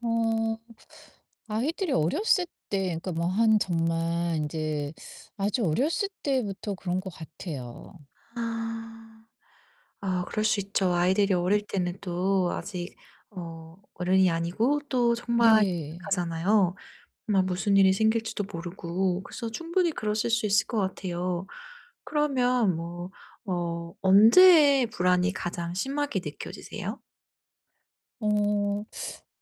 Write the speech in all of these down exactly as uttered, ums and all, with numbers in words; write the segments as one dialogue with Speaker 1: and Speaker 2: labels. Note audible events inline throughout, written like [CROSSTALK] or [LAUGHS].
Speaker 1: 어 아이들이 어렸을 때 그러니까 뭐 한 정말 인제 아주 어렸을 때부터 그런 것 같아요.
Speaker 2: 아. 아 그럴 수 있죠. 아이들이 어릴 때는 또 아직 어 어른이 아니고 또 [UNINTELLIGIBLE]
Speaker 1: 네.
Speaker 2: 하잖아요 뭐 무슨 일이 생길지도 모르고. 그래서 충분히 그러실 수 있을 것 같아요. 그러면 뭐 어 언제 불안이 가장 심하게 느껴지세요?
Speaker 1: 어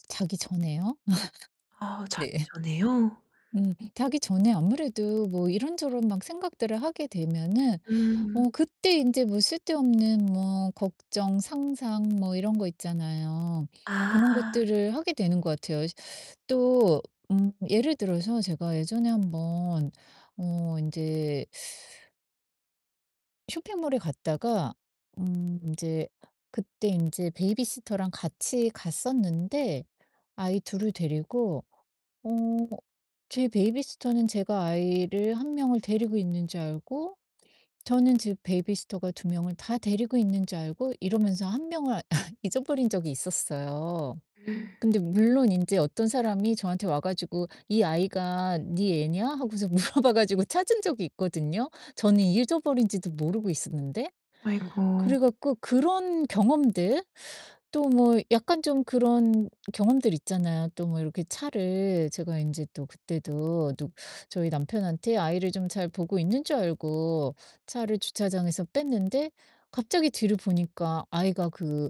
Speaker 1: 자기 전에요. [LAUGHS]
Speaker 2: 아
Speaker 1: 네.
Speaker 2: 자기 전에요?
Speaker 1: [LAUGHS] 음 자기 전에 아무래도 뭐 이런저런 막 생각들을 하게 되면은
Speaker 2: 음.
Speaker 1: 어 그때 인제 뭐 쓸데없는 뭐 걱정, 상상 뭐 이런 거 있잖아요. 그런
Speaker 2: 아.
Speaker 1: 것들을 하게 되는 것 같아요. 이제 또 음 예를 들어서 제가 예전에 한번 어 인제 쇼핑몰에 갔다가 음 인제 그때 인제 베이비시터랑 같이 갔었는데 아이 둘을 데리고 어 제 베이비시터는 제가 아이를 한 명을 데리고 있는 줄 알고 저는 지 베이비시터가 두 명을 다 데리고 있는 줄 알고 이러면서 한 명을 [LAUGHS] 잊어버린 적이 있었어요.
Speaker 2: [GASPS]
Speaker 1: 근데 물론 인제 어떤 사람이 저한테 와 가지고 "이 아이가 니 애냐?" 하고서 물어봐 가지고 찾은 적이 있거든요 저는 잊어버린지도 모르고 있었는데. 그래
Speaker 2: 아이고.
Speaker 1: 갖고 그런 경험들 또 뭐 약간 좀 그런 경험들 있잖아요. 또 뭐 이렇게 차를 제가 인제 또 그때도 또 저희 남편한테 아이를 좀 잘 보고 있는 줄 알고 차를 주차장에서 뺐는데 갑자기 뒤를 보니까 아이가 그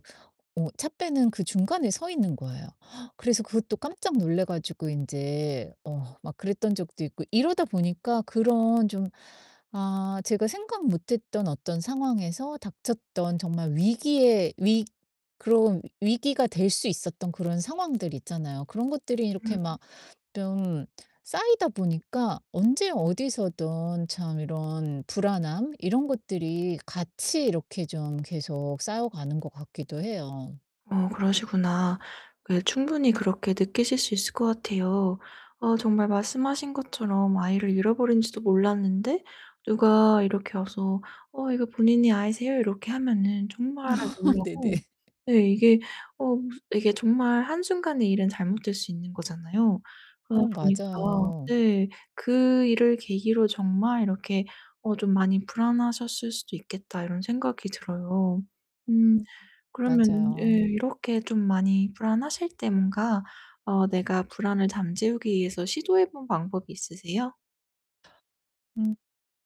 Speaker 1: 어 차 빼는 그 중간에 서 있는 거에요. [GASPS] 그래서 그것도 깜짝 놀라 가지고 인제 어 막 그랬던 적도 있고 이러다 보니깐 그런 좀 아 제가 생각 못 했던 어떤 상황에서 닥쳤던 정말 위기의 위 그런 위기가 될 수 있었던 그런 상황들 있잖아요. 그런 것들이 이렇게
Speaker 2: 음.
Speaker 1: 막 뿀 쌓이다 보니까 언제 어디서든 참 이런 불안함 이런 것들이 같이 이렇게 좀 계속 쌓여 가는 것 같기도 해요.
Speaker 2: 어 그러시구나. 그게 충분히 그렇게 느끼실 수 있을 것 같아요. 어 정말 말씀하신 것처럼 아이를 잃어버린지도 몰랐는데 누가 이렇게 와서 "어 이거 본인의 아이세요?" 이렇게 하면은 정말
Speaker 1: [LAUGHS] 네네.
Speaker 2: 놀라고
Speaker 1: [LAUGHS]
Speaker 2: 네 이게 어 무슨 이게 정말 한순간에 일은 잘못될 수 있는 거잖아요.
Speaker 1: 어
Speaker 2: 그러다 보니까
Speaker 1: 맞아요.
Speaker 2: 네 '그 일을 계기로 정말 이렇게 어 좀 많이 불안하셨을 수도 있겠다.' 이런 생각이 들어요. 음.
Speaker 1: 음
Speaker 2: 그러면 예
Speaker 1: 맞아요.
Speaker 2: 이렇게 좀 많이 불안하실 때 뭔가 어 내가 불안을 잠재우기 위해서 시도해 본 방법이 있으세요?
Speaker 1: 음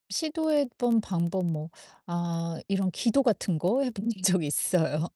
Speaker 1: 시도해 본 방법 뭐 아 이런 기도 같은 거 해 본 적 있어요.